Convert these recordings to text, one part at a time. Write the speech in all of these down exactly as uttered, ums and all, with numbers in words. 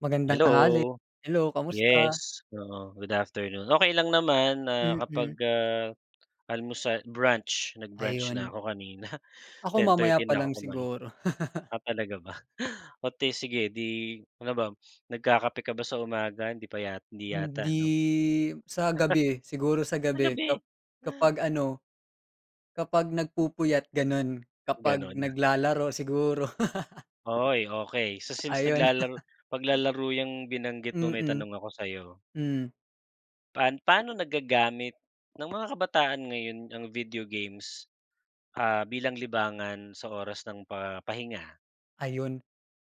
Magandang tanghali. Hello, Hello kamusta? yes, oo, good afternoon. Okey lang naman nakapag, Mm. ah, almusa brunch, nag-brunch na Ayun. ako kanina, Ako ten mamaya thirty pa na lang ako kumain. siguro. Ah, talaga ba? Oh, 'di sige, 'di ano ba nagkakape ka ba sa umaga hindi pa ya 'di yata, Hindi. 'no? Sa gabi siguro sa Sa gabi kap gabi. kapag ano, kapag nagpupuyat gano'n, kapag Gano'n? naglalaro, siguro. Uy, okey. So since Ayun. naglalaro paglalaro 'yang binanggit mo may Mm, tanong ako sa'yo. hmm. Paan paano nagagamit ng mga kabataan ngayon ang video games? Ah, bilang libangan sa oras ng pa pahinga? Ayun,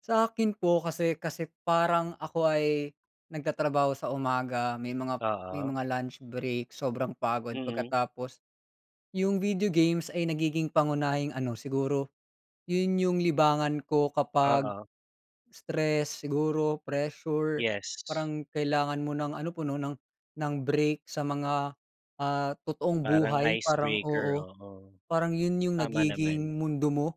sa'kin po kasi kasi parang ako ay nagtatrabaho sa umaga may mga may Oo. mga lunch break sobrang pagod Mm. pagkatapos. 'Yung video games ay nagiging pangunahing ano, siguro 'yun 'yung libangan ko kapag Oo. stress siguro, pressure, Yes. parang kailangan mo ng ano, puno ng ng break sa mga ah, totoong Parang buhay parang, icebreaker, oo. oo. Parang 'yun 'yung Tama naman. nagiging mundo mo,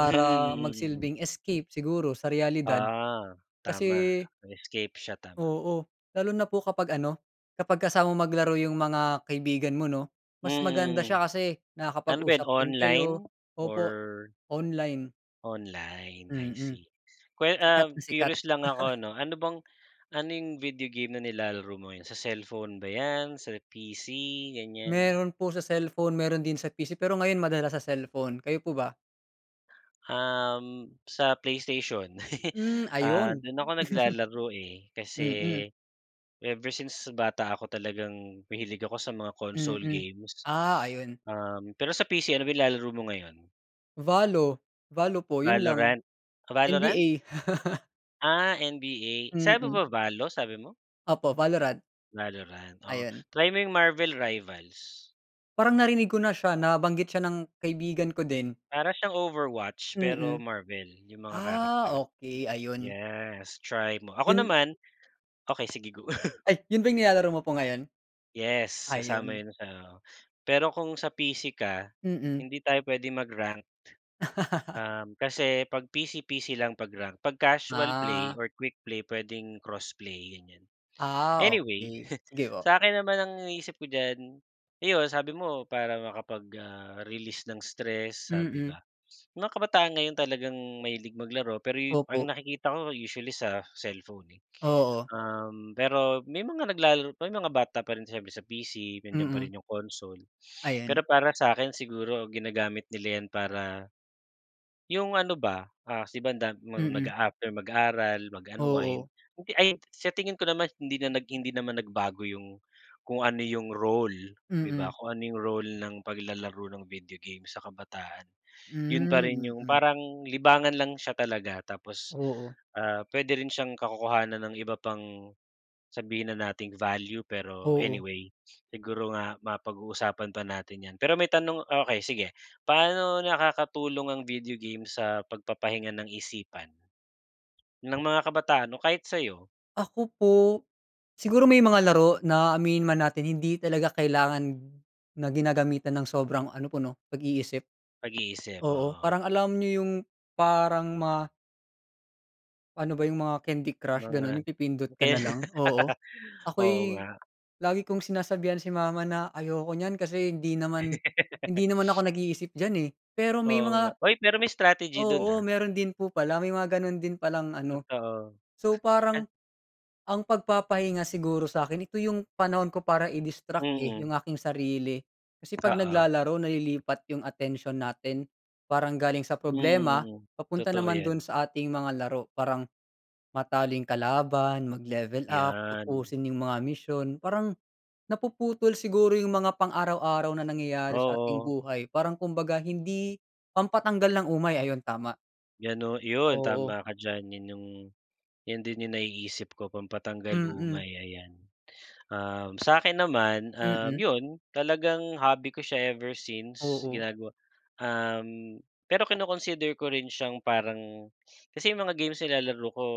Mhm. Mm, mm. magsilbing escape siguro, sa realidad. Ah, tama Kasi escape siya, tama. Oo, lalo na po kapag ano, kapag kasama mo maglaro 'yung mga kaibigan mo, 'no. Mas maganda siya Mm. kasi Ano ba 'yan nakakapag-usap din online? kayo. Opo, Or? online. Online I Mm, see. Kwan sikat um, na sikat. curious lang ako ano, ano bang ano yung video game na nilalaro mo ngayon sa cellphone ba yan, sa P-C ganyan? Meron po sa cellphone, meron din sa P-C pero ngayon madalas sa cellphone, kayo po ba? Um, sa Play Station Hmm, ah, ayun. dun ako naglalaro eh. Kasi, Mm. ever since bata ako talagang mahilig ako sa mga console Mm, games. ah, ayun. Um, pero sa P-C ano ba nilalaro mo ngayon? Valo, Valo po yun lang, Valorant, Valorant? N-B-A. Ah, N-B-A sabi Mm. mo ba Valo, sabi mo? Opo Valorant. Valorant, oh, Ayun. try mo yung Marvel rivals. Parang narinig ko na siya nabanggit siya ng kaibigan ko din. Para siyang Overwatch, pero Mm, Marvel yung mga ah, character. okey ayun. Yes try mo, ako Yun naman okey sige go. Ay, yun ba yung nilalaro mo po ngayon? Yes Ah, kasama yun. yun sa pero kung sa P-C ka, Mm. hindi tayo pwede mag ranked. Um, kasi pag P-C, P-C lang pag rank pag casual play Ah. or quick play pwedeng crossplay ganyan. Ah, Anyway, okey, sige po. sa akin naman ang iniisip ko diyan, iyon sabi mo para makapag ah, release ng stress sabi Mm. ba, mga kabataan ngayon talagang mahilig maglaro pero ang Opo. nakikita ko usually sa cellphone eh. Oo. Um, pero may mga naglalaro pa may mga bata pa rin siyempre sa P-C nandiyan pa Mm. rin yung console. Pero Ayan. para sakin siguro ginagamit nila yan para, yung ano ba, ah, si banda Mm. nag-aafter mag-aaral mag unwind Oo. hindi ay sa tingin ko naman hindi na hindi naman nagbago yung kung ano yung role di ba Mm. kung ano yung role ng paglalaro ng video game sa kabataan yun pa rin Hmm, yung mm. parang libangan lang siya talaga. Tapos, Oo. ah, pwede rin siyang kakukuhanan ng iba pang, sabihin na nating value pero Oo. anyway, siguro nga mapag-uusapan pa natin yan pero may tanong okey sige paano nakakatulong ang video game sa pagpapahinga ng isipan? Ng mga kabataan o kahit sayo? Ako po, siguro may mga laro na aminin man natin hindi talaga kailangan na ginagamitan ng sobrang ano po 'no, pag-iisip. Pag-iisip, Oo oo. parang alam nyo yung parang ma Ano ba yung mga Candy Crush Mga ganun yung pipindot ka na kaya. lang. Oo, Oo ako'y nga. lagi kong sinasabihan si mama na ayoko niyan kasi hindi naman, hindi naman ako nag-iisip diyan, eh, pero may Oo nga, mga uy pero may strategy dun, oo ah. meron din po pala may mga ganun din palang ano. Totoo. So, parang ang pagpapahinga siguro sa'kin ito yung panahon ko para i-distract, eh, yung Mm. aking sarili, kasi pag Oo. naglalaro nalilipat yung atensyon natin. Parang galing sa Mm, problema mm, papunta totoo naman dun yan. sa ating mga laro parang matalo yung kalaban, mag-level up 'Yan. tapusin yung mga misyon. Parang napuputol siguro yung mga pang-araw-araw na nangyayari sa ating Oo. buhay parang kumbaga hindi pampatanggal ng umay, ayon tama. Ganu yun Oo. tama ka diyan yun yung, 'yan din yung naiisip ko pampatanggal Mm. umay ayan. Um, sa'kin naman, um, Mm. yun talagang hobby ko siya ever since Oo. ginagawa, um, pero kino-consider ko rin siyang parang kasi yung mga games nilalaro ko.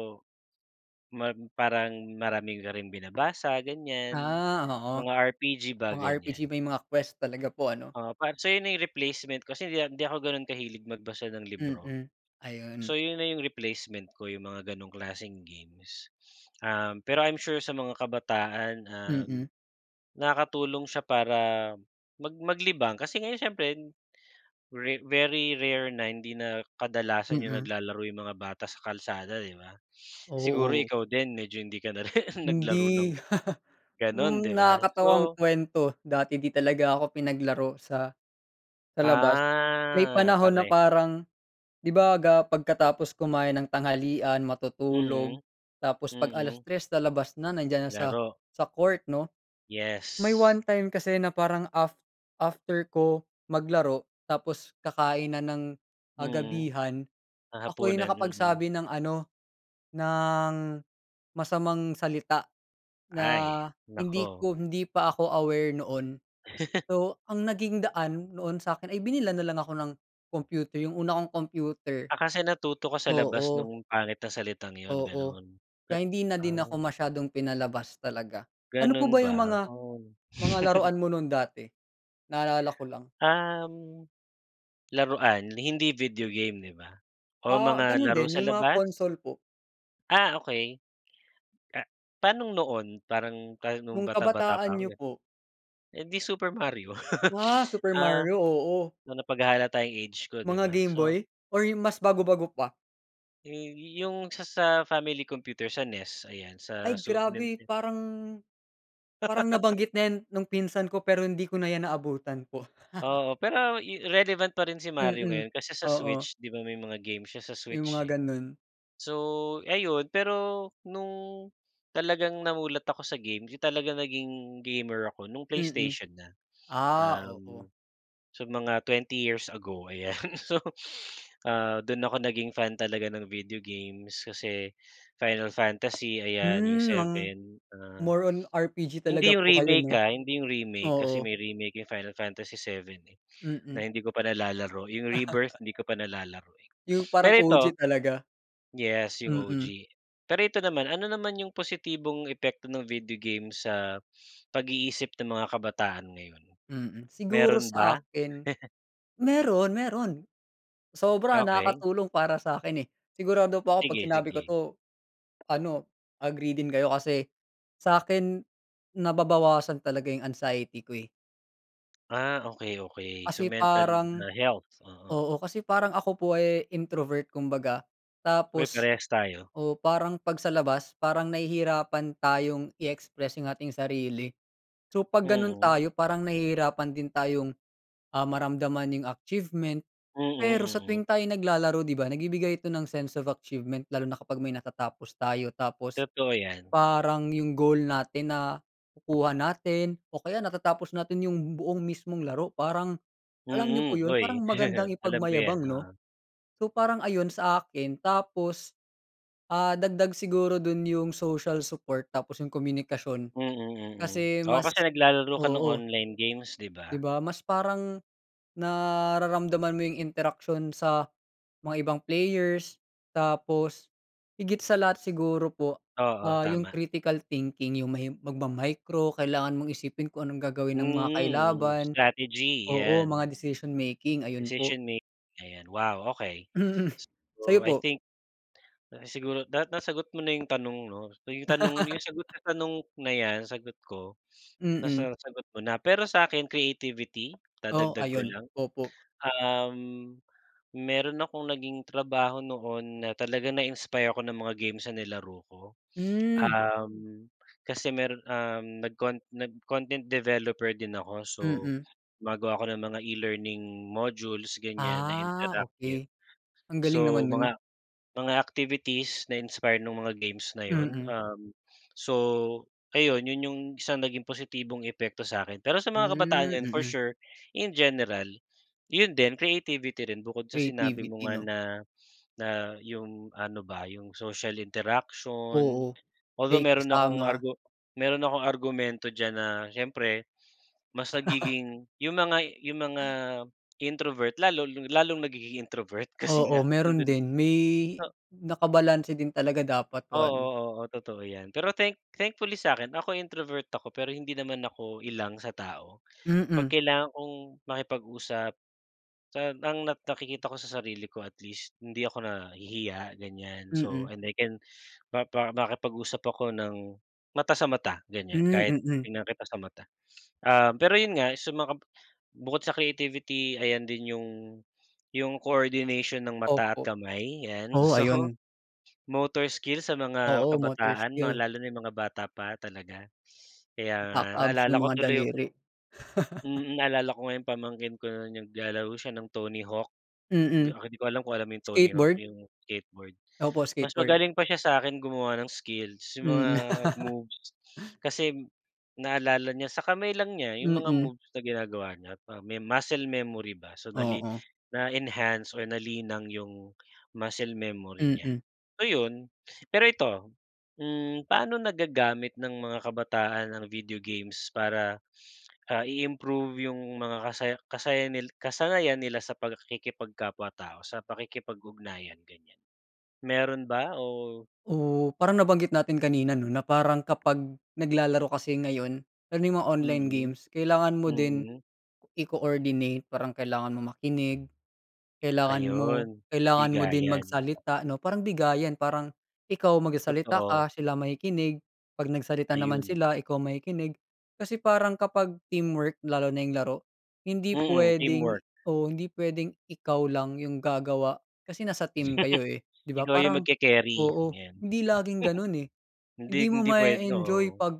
Mag parang marami ka ring binabasa ganyan Ah, oo, mga R-P-G ba mga gan'yan. R-P-G may mga quest talaga po ano. Oo pa so, ayun na yung replacement kasi hindi, ah, hindi ako ganun kahilig magbasa ng libro. Mm, ayun. So, yun na yung replacement ko yung mga ganong klaseng games, um, pero I'm sure sa mga kabataan, um, Mm. nakakatulong siya para mag maglibang, kasi ngayon siyempre very very rare na hindi na kadalasan yung Mm. naglalaro yung mga bata sa kalsada 'di ba? Siguro Oo. ikaw din medyo hindi ka na rin naglaro ng Hindi, ganun hmm, 'di ba, nakakatawang so kuwento dati 'di talaga ako pinaglaro sa sa labas may Ah, panahon na pare parang 'di ba ga pagkatapos kumain ng tanghalian, matutulog Mhm, tapos pag alas mm. tres lalabas na nandiyan na sa, Laro. sa court 'no? May Yes. one time kasi na parang af after ko maglaro tapos kakain na ng, ah, Mhm, gabihan, ng ako'y hapunan, mhm. nakapagsabi ng ano, ng masamang salita na Ay hindi naku. ko, hindi pa ako aware noon. So, ang naging daan noon sakin ay binilhan nalang ako ng computer yung una kong computer, Ah, kasi natuto ka sa labas oo. nung pangit na salitang yun Oo ganun kaya at hindi na din ako ah. masyadong pinalabas talaga. Ano po ba Ganun yung ba, mga oh. mga laruan mo nu'n dati? Naalala ko lang. Um, laruan hindi video game, 'di ba? Oo Ah, mga ganun laro din sa yung mga labas. console po. Ah okey. Ah pa'nong noon? Parang ka nung Nung bata bata pa kabataan 'ko niyo ganun? po. Eh di Super Mario. Ah, Super Ah, Mario, oo. ma napaghahalata 'yung age ko 'di Mga ba, so gameboy or 'yung mas bago-bago pa? E eh 'yung sa sa family computer, sa NES, ayan sa Ay Super grabe Ninten parang parang nabanggit na yan nung pinsan ko pero hindi ko na iyan naabutan po. Oo pero i relevant pa rin si Mario Mm, ngayon kasi sa oo. switch, 'di ba may mga game siya sa 'Yung mga switch eh. ganu'n. So ayun pero nung, talagang namulat ako sa game, 'yun talagang naging gamer ako, nung Mm, PlayStation na. ah, oo. Uhm, so mga twenty years ago, ayan. So ah dun ako naging fan talaga ng video games kasi Final Fantasy ayan yung Hmm, mang seven ah. more on R-P-G talaga Hindi yung po kayo remake 'no? ah, hindi yung remake kasi Oo. may remake 'yung Final Fantasy 7 eh, na Mm. hindi ko pa nalalaro, yung Rebirth hindi ko pa nalalaro eh. 'Yung parang Pero ito O-G talaga. yes yung Mm. O-G. Pero ito naman, ano naman yung positibong epekto ng video game sa pag-iisip ng mga kabataan ngayon? Mm, siguro Meron sa ba? akin, meron, meron. Sobra Okey. nakakatulong para sa'kin eh, sigurado po 'ko kapag Sige, sinabi ko sige. 'to, ano, agree din kayo kasi sa'kin, nababawasan talaga yung anxiety ko eh. Ah, okey, okey, so Kasi mental na parang health, oo. oo, kasi parang ako po ay introvert kumbaga, Uy, tapos, parehas tayo. oo, parang 'pag sa labas, parang nahihirapan tayong i-express 'yong ating sarili. So, 'pag gano'n Mm. tayo, parang nahihirapan din tayong, ah, maramdaman 'yong achievement, Mm, pero sa mm. tuwing tayo naglalaro, 'di ba, nagbibigay ito ng sense of achievement. Lalo na kapag may natatapos tayo tapos, Totoo yan. parang 'yong goal natin nakukuha natin, o kaya natatapos natin 'yong buong mismong laro, parang, alam niyo po Mm, 'yon, uy, parang magandang alam ko yan, ipagmayabang, 'no? oo. So, parang ayun sa akin, tapos, ah, dagdag siguro do'n 'yong social support, tapos 'yong komunikasyon. Mm, mm, Kasi oo mas kasi naglalaro ka ng oo. online games, 'di 'Di ba? ba, mas parang, nararamdaman mo 'yong interaksyon sa mga ibang players, tapos, higit sa lahat siguro po, Oo, ah, 'yong tama. critical thinking, 'yong may magma-micro, kailangan mong isipin kung anong gagawin ng mga Mm, kailaban, strategy, oo, mga 'yan. decision-making, ayun po. Decision mak ayan, wow, okey. Mm, sa'yo So, I po? think, siguro dapat nasagot mo na 'yong tanong 'no? So,'yong tanong 'yong sagot sa tanong na 'yan, sagot ko, Mm. nasa sagot mo na. Pero sa'kin, creativity, Oh, dadagdag ko ayun, lang. opo. Um, meron akong naging trabaho noon, na talaga na-inspire ako ng mga games na nilaro ko. Hmm. Um, kasi meron, um, nag-cont nag-content developer din ako so, Mm. bago ako ng mga e-learning modules, ganyan, na Ah, interactive. okey, ang galing So, naman no'n. mga mga activities, na-inspire no'ng mga games na 'yon, Mm. um, so ayun, 'yon 'yong isang naging positibong epekto sa'kin. Pero sa mga kabataan Hmm, ngayon, for mm. sure, in general, 'yon din creativity rin, bukod sa sinabi mo Creativity nga 'no? na, na, 'yong ano ba, 'yong social interaction. Oo, Although, may meron akong kasama. argu meron akong argumento diyan na, siyempre mas nagiging 'yong mga 'yong mga introvert, lalo lalong nagiging introvert, kasi nga, Oo, 'yon meron din. din, may, O nakabalanse din talaga dapat one. Oo, oo, totoo 'yan. Pero thank thankfully sa'kin, ako introvert ako, pero hindi naman ako ilang sa tao. 'Pag Mm. kailangan kong makipag-usap, sa ang nak nakikita ko sa sarili ko, at least, hindi ako nahihiya, ganyan. So, Mm. and I can mapa makipag-usap ako ng mata sa mata, ganyan, Hmm, kahit mm. titingnan kita sa mata. Um, pero 'yon nga, sa makam bukod sa creativity, ayan din 'yong 'yong coordination ng mata at Opo, kamay 'yan, oh, so, ayun. motor skill, sa mga Oo, motor kabataan, mga skill. lalo na 'yong mga bata pa talaga. Kaya nga, Nakaka-abs naalala ng ko mga tuloy 'yong daliri. Mm, naalala ko nga 'yong pamangkin ko na, naglalaro siya ng Tony Hawk. 'Di, Mm. ah, 'di ko alam kung alam mo 'yong Tony Hawk, Skateboard? 'yong skateboard. Opo, Mas skateboard. magaling pa siya sa'kin gumawa ng skills, 'yong mga Mm. moves kasi, naalala niya, sa kamay lang niya 'yong mga Mm. moves na ginagawa niya't ah, may muscle memory ba. So nali Oo. na-enhance or nalinang 'yong muscle memory niya, Mm. so, 'yon. Pero ito, hmm, pa'no nagagamit ng mga kabataan ang video games para, ah, i-improve 'yong mga kasaya kasaya nil kasanayan nila sa pag-kikipagkapwa-tao, sa pakikipag-ugnayan, ganyan, meron ba o Oh, parang nabanggit natin kanina, 'no, na parang kapag naglalaro kasi ngayon, lalo na mga online Mm, games, kailangan mo din mm. i-coordinate, parang kailangan mong makinig, kailangan mo Ayun, kailangan mo din bigayan. magsalita 'no, parang bigayan, parang ikaw magsasalita Totoo. ka, sila makikinig, 'pag nagsalita naman Ayun. sila, ikaw makikinig. Kasi parang kapag teamwork, lalo na 'yong laro, hindi Mm, puwedeng teamwork. oo, hindi puwedeng ikaw lang 'yong gagawa, kasi nasa team kayo eh, 'di ba, Ikaw 'yong parang magke-carry, oo, ayan. hindi laging gano'n eh. Hindi, Hindi mo hindi puwed ma-e-enjoy oo. 'pag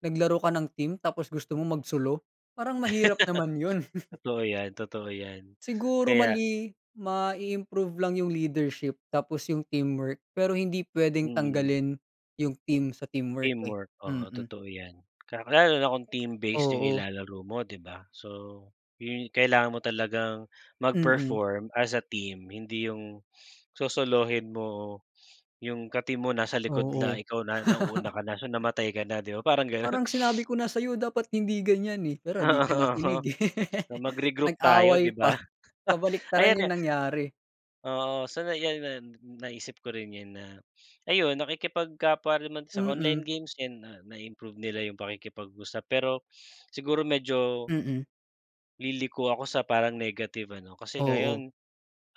naglaro ka ng team, tapos gusto mong magsolo, parang mahirap naman 'yon. Totoo yan, totoo yan, Siguro kaya mali mai-improve lang 'yong leadership tapos 'yong teamwork, pero hindi puwedeng Mm. tanggalin 'yong team, sa teamwork eh, Teamwork, oo, mm. totoo yan. Ka lalo na kung team-based 'yong Oo. nilalaro mo, 'di ba? So, 'yon kailangan mo talagang Mm. mag-perform, as a team, hindi 'yong sosolohin mo, 'yong ka-team mo, nasa likod la Oo. ikaw na nauuna ka na. So, namatay ka na, 'di ba, parang gano'n. "Parang sinabi ko na sa'yo dapat hindi ganyan eh, pero di Oo, ka oo. nakinig eh." So, magre-group tayo, Nag-away 'di pa, ba? kabaliktaran Ayan 'yong nga nangyari. oo, so na yan na, naisip ko rin yan na, ayun, nakikipagkapwa rin man sa Mm. online games yan, na na-improve nila 'yong pakikipag-usap. Pero, siguro medyo, Mm. liliko ako sa parang negative ano, kasi Oo. ngayon,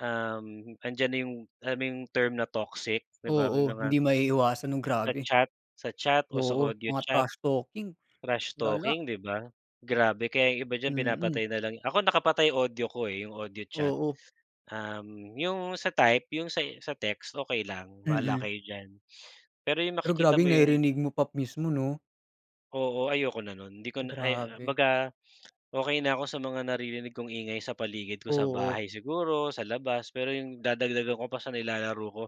um, andiyan na 'yong, alam mo 'yong, term, na toxic, 'di ba, may Oo, mga hindi maiiwasan no'ng Sa grabe. chat sa chat o sa Oo, audio mga chat, trash talking. trash Lala. talking, 'di ba? Grabe, kaya 'yong iba diyan, Mm. pinapatay na lang ako nakapatay audio ko eh, 'yong audio chat, Oo. um, 'yong sa type, 'yong sa sa text, okey lang, bala Mm. kayo diyan. Pero 'yong Pero, makikita grabe mo 'yong 'yong narinig mo pa mismo, 'no? Oo, ayoko na nun 'di ko na ay Grabe. baga okey na ako sa mga naririnig kong ingay sa paligid ko sa Oo. bahay siguro sa labas pero yung dadagdagan ko pa sa nilalaro ko,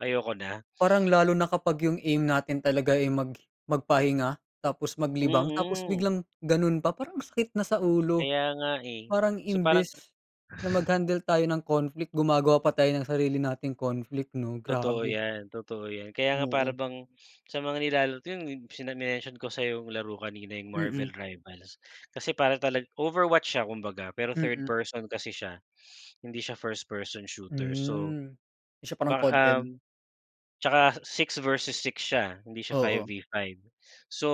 ayoko na. Parang lalo na kapag yung aim natin talaga, eh, mag magpahinga tapos maglibang tapos Mm. biglang ganun pa parang ang sakit na sa ulo, Kaya nga, eh, parang so, parang ah imbis na mag-handle tayo ng conflict, gumagawa pa tayo ang sarili nating conflict 'no Totoo grabe. yan, totoo yan. Kaya nga para Oo. bang sa mga nilala [unintelligible] sa mention ko sa laro kanina yung Marvel Mm. Rivals kasi para tala Overwatch siya kumbaga pero third Mm. person kasi siya, hindi siya first person shooter, so, Mm, 'di siya parang ba COD-M. um. Tsaka six-versus-six siya hindi siya Oo. five-v-five, so,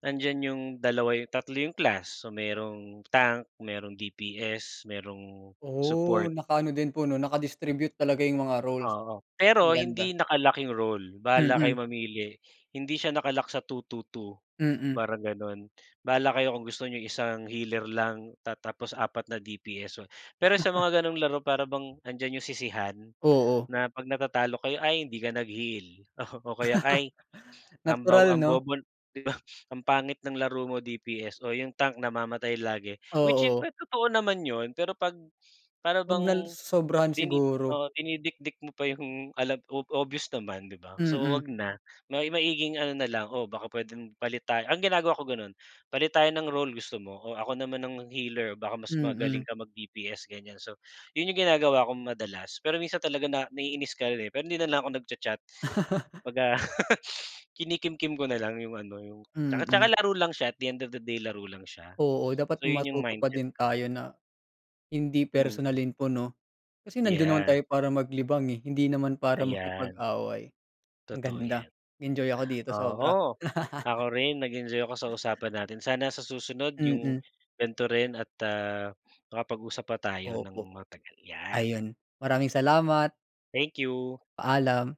nandiyan yung dalawa yung tatlo yung class, so, merong tank, merong D-P-S, merong Oh, support. nakaano din po 'no naka-distribute talaga yung mga roles. Oo, Mas pero hindi maganda. naka-lock yung role bahala Mm. kayo mamili hindi siya naka-lock sa two two two Mm. parang gano'n. Bahala kayo kung gusto niyong isang healer lang ta tapos apat na D-P-S so, pero sa mga ganong laro para bang 'andiyan yung sisihan Oo. na pag natatalo kayo ay hindi ka nag-heal o, o kaya ay ang baw Natural ang 'no? bobo 'di ba, ang pangit ng laro mo D-P-S o yung tank namamatay lagi. Which is Oo. totoo naman yun pero pag para Wag bang nal sosobrahan dini siguro. oo, dinidikdik mo pa yung alam ob obvious naman 'di ba, so, Mm. wag na. May maiging ano na lang o baka pwedeng palit tayo ang ginagawa ko ganun, "Palit tayo ng role gusto mo" o "Ako naman ang healer baka mas Mm. magaling kang mag D-P-S" gan'yan. So, 'yun yung ginagawa kong madalas pero minsan talaga na naiinis ka rin, eh, pero hindi na lang ako nag-cha-chat. pag ah, kinikimkim ko na lang yung ano yung tsaka, Mm. tsaka laro lang siya at the end of the day laro lang siya. Oo, dapat So, 'yun yung matuto pa mindset din ko. tayo na hindi Mm. personalin po 'no. Kasi nandun naman Yeah. tayo para maglibang, eh, hindi naman para Ayan. makipag-away. Ang Totoo ganda, yan. enjoy ako dito sobra. Oo, ako rin nag-enjoy ako sa usapan natin. Sana sa susunod yung Mm. ganito rin at ah, makapag-usap pa tayo ng Opo, matagal, yan. ayun maraming salamat. Thank you. Paalam.